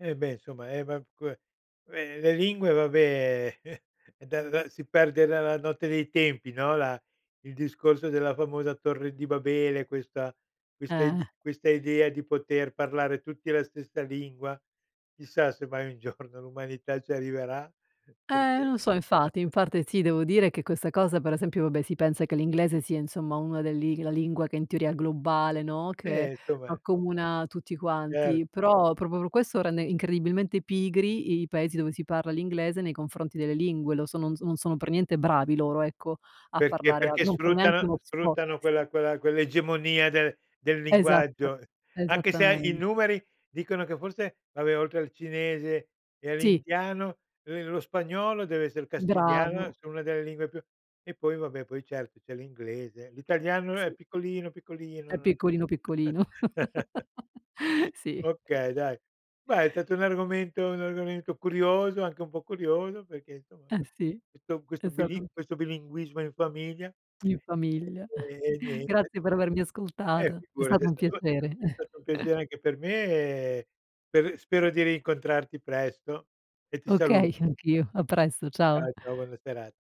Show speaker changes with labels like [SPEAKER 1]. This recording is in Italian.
[SPEAKER 1] Eh, beh, insomma eh, ma que eh, uhm, le lingue, vabbè, da da si perde nella notte dei tempi, no, la il discorso della famosa Torre di Babele, questa
[SPEAKER 2] Eh.
[SPEAKER 1] ide questa idea di poter parlare tutti la stessa lingua, chissà se mai un giorno l'umanità ci arriverà,
[SPEAKER 2] Eh,
[SPEAKER 1] perché
[SPEAKER 2] non so, infatti. In parte sì, devo dire che questa cosa, per esempio vabbè, si pensa che l'inglese sia, insomma, una del li la lingua, che in teoria globale, no, che
[SPEAKER 1] Eh, insomma.
[SPEAKER 2] accomuna tutti
[SPEAKER 1] Cer
[SPEAKER 2] quanti. Però proprio per questo, rende incredibilmente pigri, i paesi dove si parla l'inglese, nei confronti delle lingue. Lo sono no non sono per niente bravi loro, ecco, a
[SPEAKER 1] Perché
[SPEAKER 2] parlare a
[SPEAKER 1] perché
[SPEAKER 2] non fanno
[SPEAKER 1] sfruttano
[SPEAKER 2] neanche uno sfo
[SPEAKER 1] sfruttano
[SPEAKER 2] Sì.
[SPEAKER 1] quella quella quell'egemonia del del
[SPEAKER 2] Esatt
[SPEAKER 1] linguaggio, anche se i
[SPEAKER 2] esattamen
[SPEAKER 1] numeri dicono, che forse vabbè, oltre al cinese e
[SPEAKER 2] Sì.
[SPEAKER 1] all'indiano, uhm, lo spagnolo, deve esser castigliano,
[SPEAKER 2] Bravo.
[SPEAKER 1] sia 1 delle lingue più e poi vabbè, poi cert c'è l'inglese. L'italiano è
[SPEAKER 2] Sì.
[SPEAKER 1] piccolino, piccolino
[SPEAKER 2] È
[SPEAKER 1] non
[SPEAKER 2] piccolino, piccolino. Sì.
[SPEAKER 1] Okay, dai. Beh, è stato un argomento un argomento curioso anche un po' curioso, perché, insomma,
[SPEAKER 2] Eh,
[SPEAKER 1] uhm,
[SPEAKER 2] sì,
[SPEAKER 1] questo
[SPEAKER 2] è
[SPEAKER 1] questo bili
[SPEAKER 2] stato
[SPEAKER 1] questo bilinguismo in famiglia.
[SPEAKER 2] In famiglia.
[SPEAKER 1] Ehm, e niente.
[SPEAKER 2] Grazie per avermi
[SPEAKER 1] Eh,
[SPEAKER 2] ascoltata. È
[SPEAKER 1] figurati,
[SPEAKER 2] stato
[SPEAKER 1] è
[SPEAKER 2] un
[SPEAKER 1] stato
[SPEAKER 2] piacere.
[SPEAKER 1] è stato un piacere anche per me, per spero di rincontrarti presto, e ti
[SPEAKER 2] Okay,
[SPEAKER 1] saluto.
[SPEAKER 2] anch'io. A presto.
[SPEAKER 1] Ciao,
[SPEAKER 2] Ciao.
[SPEAKER 1] ciao, buona sera